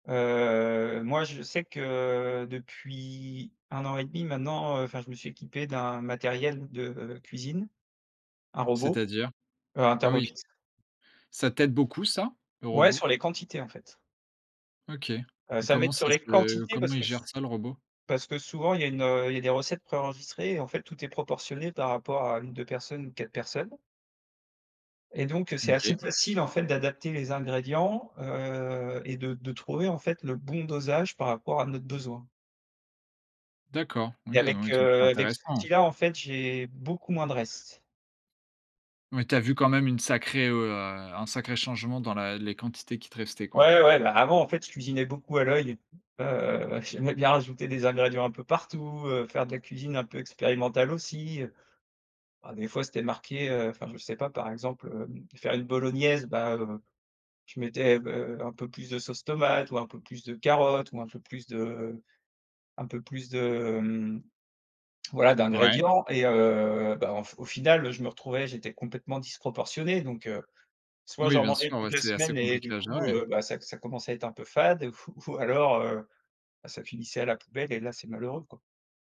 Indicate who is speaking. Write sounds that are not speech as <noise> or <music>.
Speaker 1: Heu, moi, je sais que, heu, depuis, 1 an et 1/2 maintenant, heu, enfin, je me suis équipé d'un matériel de cuisine, un robot,
Speaker 2: C'est-à-dire?
Speaker 1: heu, un
Speaker 2: Ah oui.
Speaker 1: Thermomix.
Speaker 2: Ça t'aide beaucoup ça, le
Speaker 1: Ouais,
Speaker 2: robot?
Speaker 1: sur les quantités, en fait.
Speaker 2: OK.
Speaker 1: Heu,
Speaker 2: Et
Speaker 1: ça
Speaker 2: comment
Speaker 1: m'aide sur
Speaker 2: ça
Speaker 1: les
Speaker 2: se
Speaker 1: quantités
Speaker 2: comment
Speaker 1: parce
Speaker 2: il
Speaker 1: que
Speaker 2: gère
Speaker 1: s
Speaker 2: ça, le robot?
Speaker 1: parce que souvent il y a une, heu, il y a des recettes pré-enregistrées et en fait, tout est proportionné par rapport à 1-2 personnes ou 4 personnes et donc, heu, c'est assez
Speaker 2: OK.
Speaker 1: facile, en fait, d'adapter les ingrédients, heu, et de de trouver, en fait, le bon dosage par rapport à notre besoin
Speaker 2: D'accord.
Speaker 1: et
Speaker 2: OK,
Speaker 1: avec,
Speaker 2: donc <unintelligible>
Speaker 1: heu, avec cet
Speaker 2: intéressant.
Speaker 1: outil-là, en fait, j'ai beaucoup moins de restes.
Speaker 2: Mais, tu as vu quand même une sacrée, heu, à un sacré changement dans la les quantités qui te restaient, quoi?
Speaker 1: Ouais, ouais, ouais. Bah, avant, en fait, je cuisinais beaucoup à l'œil et tout, heu, bah j'aimais bien rajouter des ingrédients un peu partout, heu, faire de la cuisine un peu expérimentale aussi, heu. Bah, des fois, c'était marqué, heu, enfin, je sais pas, par exemple, hem, faire une bolognaise, bah, heu, je mettais b heu, un peu plus de sauce tomate ou un peu plus de carottes ou un peu plus de un peu plus de, hem voilà,
Speaker 2: Ouais.
Speaker 1: d'ingrédients. Et heu, bah en f au final, heu, je me retrouvais, j'étais complètement disproportionné, donc, heu, soit
Speaker 2: Oui,
Speaker 1: j'en
Speaker 2: bien
Speaker 1: mangeais
Speaker 2: sûr, ouais.
Speaker 1: toute la
Speaker 2: C'est assez
Speaker 1: semaine et
Speaker 2: compliqué
Speaker 1: du
Speaker 2: à
Speaker 1: coup,
Speaker 2: gérer.
Speaker 1: heu, bah ça ça commençait à être un peu fade ou f ou alors, heu, bah, ça finissait à la poubelle et là, c'est malheureux, quoi.